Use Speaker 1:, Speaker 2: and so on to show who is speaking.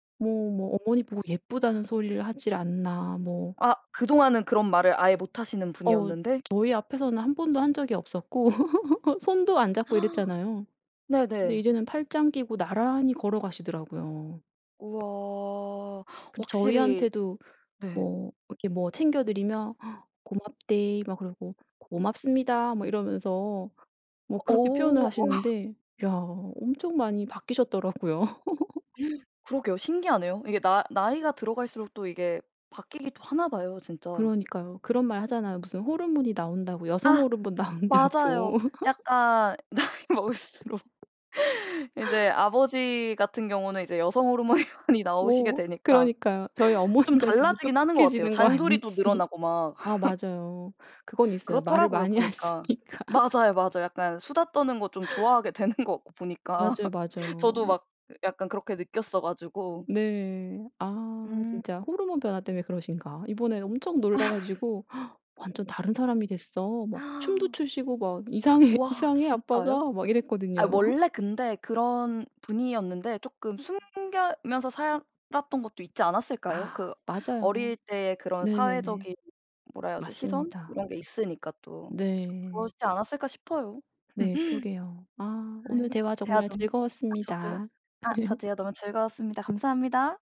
Speaker 1: 뭐 뭐 어머니 보고 예쁘다는 소리를 하지를 않나 뭐
Speaker 2: 아 그동안은 그런 말을 아예 못 하시는
Speaker 1: 어
Speaker 2: 분이었는데?
Speaker 1: 저희 앞에서는 1 번도 한 적이 없었고 손도 안 잡고 이랬잖아요. 근데
Speaker 2: 네네.
Speaker 1: 이제는 팔짱 끼고 나란히 걸어가시더라고요.
Speaker 2: 우와
Speaker 1: 근데
Speaker 2: 확실히
Speaker 1: 저희한테도
Speaker 2: 네.
Speaker 1: 뭐 이렇게 뭐 챙겨 드리면 "고맙데이." 막 그러고 "고맙습니다." 막 이러면서 뭐 그렇게 표현을
Speaker 2: 어.
Speaker 1: 하시는데 야 엄청 많이 바뀌셨더라고요.
Speaker 2: 그러게요. 신기하네요. 이게 나 나이가 들어갈수록 또 이게 바뀌기도 하나봐요 진짜.
Speaker 1: 그러니까요. 그런 말 하잖아요. 무슨 호르몬이 나온다고 여성
Speaker 2: 아
Speaker 1: 호르몬
Speaker 2: 맞아요.
Speaker 1: 나온다고.
Speaker 2: 약간 나이 먹을수록 이제 아버지 같은 경우는 이제 여성 호르몬이 많이 나오시게
Speaker 1: 어
Speaker 2: 되니까
Speaker 1: 그러니까요. 저희
Speaker 2: 좀
Speaker 1: 어머니가 지금
Speaker 2: 달라지긴 하는 것 같아요
Speaker 1: 무뚝뚝해지는 거
Speaker 2: 잔소리도
Speaker 1: 아닌지.
Speaker 2: 늘어나고 막.
Speaker 1: 아 맞아요. 그건 있어요. 말을
Speaker 2: 그렇더라고요
Speaker 1: 많이
Speaker 2: 보니까.
Speaker 1: 하시니까.
Speaker 2: 맞아요, 맞아요. 약간 수다 떠는 거 좀 좋아하게 되는 것 같고 보니까.
Speaker 1: 맞아요, 맞아요.
Speaker 2: 저도 막 약간 그렇게 느꼈어 가지고.
Speaker 1: 네. 아
Speaker 2: 음.
Speaker 1: 진짜 호르몬 변화 때문에 그러신가? 이번에 엄청 놀라 가지고 "완전 다른 사람이 됐어. 막 춤도 추시고 막 이상해,
Speaker 2: 와
Speaker 1: 이상해
Speaker 2: 진짜요?
Speaker 1: 아빠가." 막
Speaker 2: 아
Speaker 1: 이랬거든요.
Speaker 2: 원래 근데 그런 분이었는데 쪼끔 숨기면서 살았던 것도 있지 않았을까요?
Speaker 1: 아
Speaker 2: 그
Speaker 1: 맞아요.
Speaker 2: 어릴 때 그런
Speaker 1: 네네네.
Speaker 2: 사회적인 뭐라 해야죠 시선
Speaker 1: 맞습니다.
Speaker 2: 이런게 있으니까 또.
Speaker 1: 네.
Speaker 2: 그러시지 않았을까 싶어요.
Speaker 1: 네. 그러게요. 아 오늘
Speaker 2: 아이
Speaker 1: 대화
Speaker 2: 대화
Speaker 1: 정말
Speaker 2: 너무 저도요.
Speaker 1: 즐거웠습니다.
Speaker 2: 아 저도요. 너무 즐거웠습니다. 감사합니다.